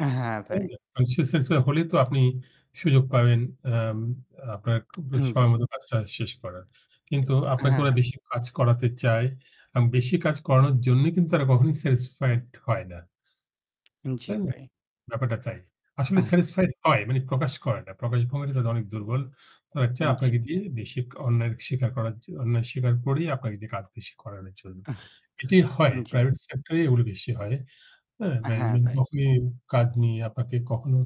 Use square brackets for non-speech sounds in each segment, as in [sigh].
হ্যাঁ তাই ভাই। না? মানসিক স্যাটিসফাই হলে তো আপনি সুযোগ পাবেন আ উম আপনার খু হ্যাঁ জ্বী। সময় মতো কাজটা শেষ করার। কিন্তু আপনাকে হ্যাঁ, ওরা হ্যাঁ। বেশি কাজ করাতে চায়। আ বেশি কাজ করানোর জন্যই কিন্তু তারা কখনোই স্যাটিসফাইড হয় না। জ্বী, তাই না? ভাই। ব্যাপারটা তাই। আসলে আহ। স্যাটিসফাইড হয় মানে প্রকাশ করে না। প্রকাশ ভঙ্গি টা তাদের অনেক দুর্বল। তারা চায় হুম, জ্বী। আপনাকে দিয়ে বেশি অন্যায় স্বীকার করার জন্য অন্যায় স্বীকার করেই আপনাকে দিয়ে কাজ বেশি করানোর জন্য। আহ, এটি হয় জ্বী। প্রাইভেট সেক্টরেই এগুলো বেশি হয়। হ্যাঁ, হ্যাঁ ম্যানেজমেন্ট ভাই। কখনই কাজ নিয়ে আপনাকে কখনো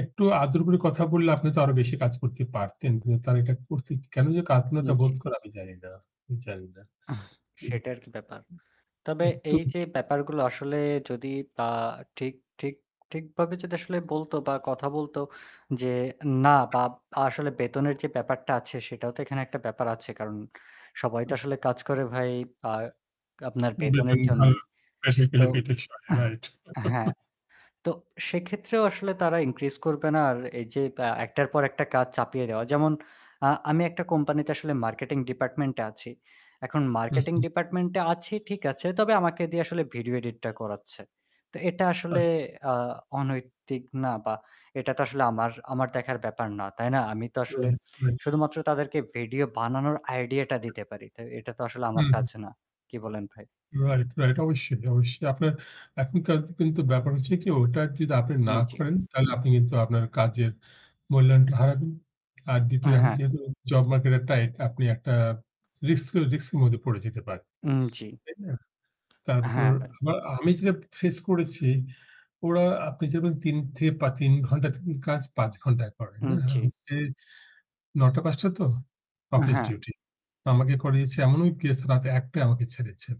একটু আদর করে কথা বললে আপনি তো আরো বেশি কাজ করতে পারতেন। কিন্তু তারা এটা করতে কেন যেন কার্পণ্যতা বোধ জ্বী। করে আমি জানি না আমি জানি না। আ সেটা আর কি ব্যাপার। তবে একটু। এই যে ব্যাপারগুলো আসলে যদি বা ঠিক ঠিক ঠিকভাবে যদি আসলে বলত বা কথা বলত যে না বা আসলে বেতনের যে ব্যাপারটা আছে সেটাও তো এখানে একটা ব্যাপার আছে। কারণ সবাই তো আসলে কাজ করে ভাই আ আপনার বেতনের বেতন ভালো জন্যই। তো [unintelligible] রাইট। হ্যাঁ। [chuckles] তো সেক্ষেত্রেও আসলে তারা ইনক্রিজ করবে না। আর এই যে আ একটার পর একটা কাজ চাপিয়ে দেওয়া। যেমন আ আমি একটা কোম্পানিতে আসলে মার্কেটিং ডিপার্টমেন্ট এ আছি। এখন হুম, মার্কেটিং হুম। ডিপার্টমেন্ট এ আছি, ঠিক আছে। তবে আমাকে দিয়ে আসলে ভিডিও এডিটটা করাচ্ছে। তো এটা আচ্ছা, আসলে আচ্ছা। আ অনৈতিক না বা এটা তো আসলে আমার আমার দেখার ব্যাপার না। তাই না? আমি তো আসলে রাইট, রাইট। শুধুমাত্র তাদেরকে ভিডিও বানানোর আইডিয়াটা দিতে পারি। তো এটা তো আসলে আমার হুম, হুম। কাজ না। কি বলেন ভাই? Right, right. অবশ্যই অবশ্যই আপনার এখনকার কিন্তু ব্যাপার হচ্ছে কি ওটা যদি আপনি না জ্বী। করেন, তাহলে আপনি কিন্তু আপনার কাজের মূল্যায়নটা হারাবেন। আর ২য় এখন হ্যাঁ। যেহেতু জব মার্কেট এ টাইট আপনি একটা রিস্ক রিস্ক এর মধ্যে পড়ে যেতে পারেন। জ্বী। তাই না? তারপর হ্যাঁ ভাই। আবার আমি যেটা ফেস করেছি ওরা আপনি যেমন ৩ থেকে পা ৩ ঘণ্টার কাজ ৫ ঘণ্টা করেন, না? জ্বী। এখন এ ৯ঃ০০-৫ঃ০০ তো অফিস হ্যাঁ। ডিউটি। আমাকে করিয়েছে এমনও কেস রাত ১ঃ০০ টায় আমাকে ছেড়েছে।